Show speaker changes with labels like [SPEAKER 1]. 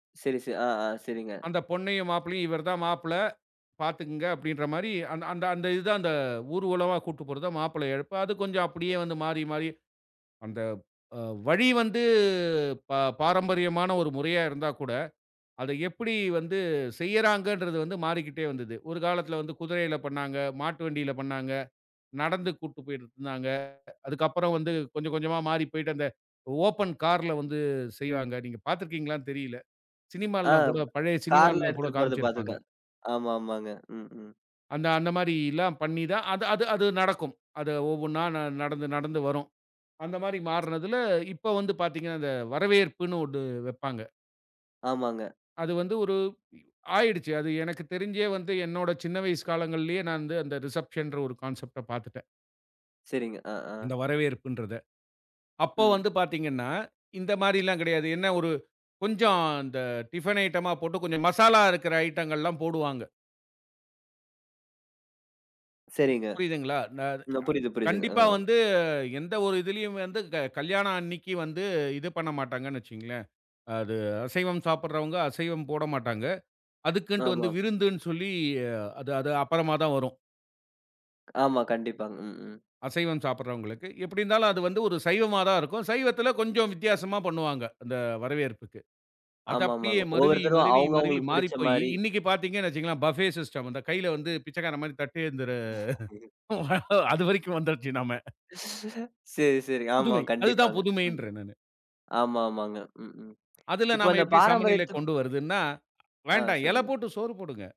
[SPEAKER 1] சரி, சரி. அ, ஆ. சரிங்க.
[SPEAKER 2] அந்த பொண்ணையும் மாப்பிள்ளையும், இவர் தான் மாப்பிள்ளை. பார்த்துக்குங்க அப்படின்ற மாரி, அந்த அந்த இது தான், அந்த ஊர்வலமா கூட்டு போறத மாப்பிள்ளை அழைப்பு. அது கொஞ்சம் அப்டியே வந்து மாறி, மாறி, அந்த அ வழி வந்து ப பாரம்பரியமான ஒரு முறையா இருந்தா கூட, அத எப்படி வந்து செய்யறாங்கன்றது வந்து மாறிக்கிட்டே வந்தது. ஒரு காலத்தில வந்து குதிரையில பண்ணாங்க, மாட்டு வண்டியில பண்ணாங்க. நடந்து கூட்டுப் போய்ட்டு இருந்தாங்க. அதுக்கப்புறம் வந்து கொஞ்சம் கொஞ்சமா மாறி போய்ட்டு அந்த, ஓப்பன் கார்ல வந்து செய்வாங்க. நீங்க பார்த்து இருக்கீங்களான்னு தெரியல. சினிமால்லாம்
[SPEAKER 1] அம்.
[SPEAKER 2] கூட பழைய
[SPEAKER 1] கார்ல
[SPEAKER 2] சினிமால்லாம் கூட
[SPEAKER 1] எடுத்துட்டு போறத
[SPEAKER 2] காமிச்சுருப்பாங்க.
[SPEAKER 1] பாத்துருக்கேன். ஆமா, ஆமாங்க. ம், ம்.
[SPEAKER 2] அந்த அந்த மாரிலாம் பண்ணி தான், அது அது அது நடக்கும். அது ஒவ்வொன்னா ந நடந்து, நடந்து வரும். அந்த மாரி மாறுனதுல, இப்ப வந்து பார்த்தீங்க அந்த வரவேற்புன்னு ஒண்ணு வெப்பாங்க.
[SPEAKER 1] ஆமாங்க.
[SPEAKER 2] அது வந்து ஒரு இ ஆயிடுச்சு. அது எனக்குத் தெரிஞ்சே வந்து என்னோட சின்ன வயசு காலங்கள்லேயே, நான் வந்து அந்த ரிசப்ஷன்ற ஒரு கான்செப்ட்ட பாத்துட்டேன்.
[SPEAKER 1] சரிங்க. அ, அ.
[SPEAKER 2] இந்த வரவேற்புன்றத. அப்போ
[SPEAKER 1] ம்.
[SPEAKER 2] வந்து பார்த்தீங்கன்னா, இந்த மாரில்லாம் கிடையாது. என்ன ஒரு, கொஞ்சம் இந்த டிஃபின் ஐட்டமா போட்டு, கொஞ்சம் மசாலா இருக்கிற ஐட்டங்கள்லாம் போடுவாங்க.
[SPEAKER 1] சரிங்க.
[SPEAKER 2] புரியுதுங்களா? நான் அது அ
[SPEAKER 1] ந புரியுது, புரியுதுங்க. அ,
[SPEAKER 2] கண்டிப்பா
[SPEAKER 1] அ.
[SPEAKER 2] வந்து எந்த ஒரு இதிலேயும் வந்து க கல்யாணம் அன்னிக்கி வந்து இது பண்ண மாட்டாங்கன்னு வச்சுக்குங்ளேன். அது அசைவம் சாப்பிடுறவங்க, அசைவம் போடமாட்டாங்க. அதுக்குன்ட்டு வந்து
[SPEAKER 1] ஆமா.
[SPEAKER 2] விருந்துன்னு சொல்லி அது அது அப்புறமா தான் வரும்.
[SPEAKER 1] ஆமா, கண்டிப்பா. ம், ம்.
[SPEAKER 2] அசைவம் சாப்பிடுறவங்களுக்கு. எப்டி இருந்தாலும், அது வந்து ஒரு சைவமா தான் இருக்கும். சைவத்தில கொஞ்சம் வித்தியாசமா பண்ணுவாங்க, அந்த வரவேற்புக்கு. அது அப்டியே
[SPEAKER 1] ஆமாமாங்க.
[SPEAKER 2] மருவி,
[SPEAKER 1] ஒவ்வொருத்தரும்
[SPEAKER 2] மருவி,
[SPEAKER 1] அவங்க,
[SPEAKER 2] மருவி
[SPEAKER 1] அவங்களுக்கு புடிச்ச
[SPEAKER 2] மாறிப்போய்யி,
[SPEAKER 1] மாறி.
[SPEAKER 2] இன்னிக்கு பார்த்தீங்கனு வெச்சுகங்களேன், பஃபே சிஸ்டம். அந்த கைல வந்து பிச்சைக்காரன் மாரி தட்டேந்துற அது வரைக்கும் வந்துருச்சு நாம.
[SPEAKER 1] சரி, சரிங்க. ஆமா.
[SPEAKER 2] புதுமை! அதுதான்
[SPEAKER 1] கண்டிப்பாங்க. ம்,
[SPEAKER 2] புதுமைன்றேன் நானு.
[SPEAKER 1] ஆமா, ஆமாங்க. ம், ம்.
[SPEAKER 2] அதுல
[SPEAKER 1] இப்ப
[SPEAKER 2] நாம
[SPEAKER 1] அந்த
[SPEAKER 2] எப்டி சமநிலை
[SPEAKER 1] பாரம்பரியத்துக்கு
[SPEAKER 2] கொண்டு வருதுன்னா,
[SPEAKER 1] அ.
[SPEAKER 2] வேண்டா இல
[SPEAKER 1] சொல்லுங்க.
[SPEAKER 2] போட்டு சோறு போடுங்க!